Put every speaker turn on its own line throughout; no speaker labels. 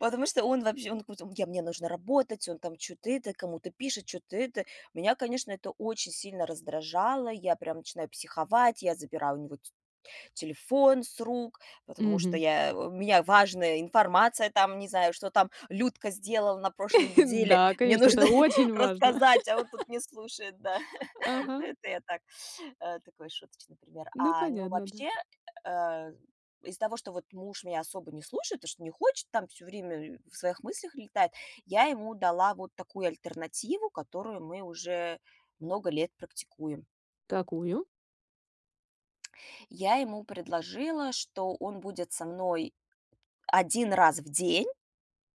Потому что он вообще, он куцо он: "Я мне нужно работать!" Он там чё-то это, кому-то пишет, чё-то это. Меня, конечно, это очень сильно раздражало. Я прям начинаю психовать, я забираю у него т телефон с рук, потому что
Мгм.
я у меня важная информация, там не знаю, что там Людка сделала на прошлой неделе.
Да,
Мне
конечно,
нужно
это очень важно.
рассказать, а он тут не слушает, да. Ну,
Ага.
это я так, э, такой шуточный пример.
Ну,
А, ну
понятно, да.
вообще, э, из-за того, что вот муж меня особо не слушает, то, что не хочет там, всё время в своих мыслях летает, я ему дала вот такую альтернативу, которую мы уже много лет практикуем.
Такую?
Я ему предложила, что он будет со мной 1 раз в день,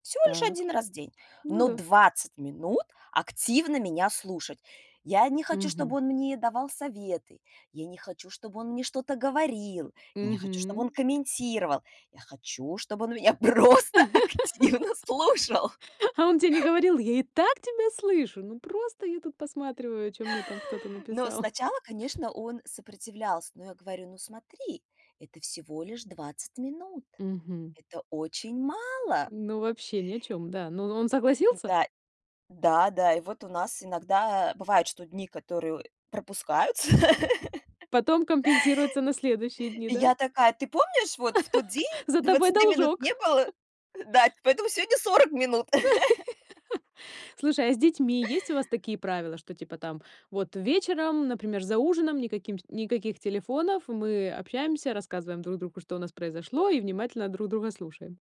всего лишь
Так.
1 раз день,
Ну
но
да.
20 минут активно меня слушать. Я не хочу, чтобы
Мгм.
он мне давал советы. Я не хочу, чтобы он мне что-то говорил. Я не хочу, чтобы он
Мгм.
комментировал. Я хочу, чтобы он меня просто активно слушал.
А он те не говорил: "Я и так тебя слышу, ну просто я тут посматриваю, чё мне там кто-то
Но
написал"?
сначала, конечно, он сопротивлялся, но я говорю: "Ну смотри, это всего лишь 20 минут,
Мгм.
это очень мало".
Ну, вообще ни о чём, да. Ну ну, он согласился?
Да. Да, да. И вот у нас иногда, э, бывает, что дни, которые пропускаются.
Потом компенсируется на следующие дни,
И
да?
я такая: "Ты помнишь вот в тот день,
За тобой
20 минут
должок.
не было?" Да, ть "Поэтому сегодня 40 минут".
Слушай, а с детьми есть у вас такие правила, что типа там вот вечером, например, за ужином никаким ш никаких телефонов, мы общаемся, рассказываем друг другу, что у нас произошло, и внимательно друг друга слушаем?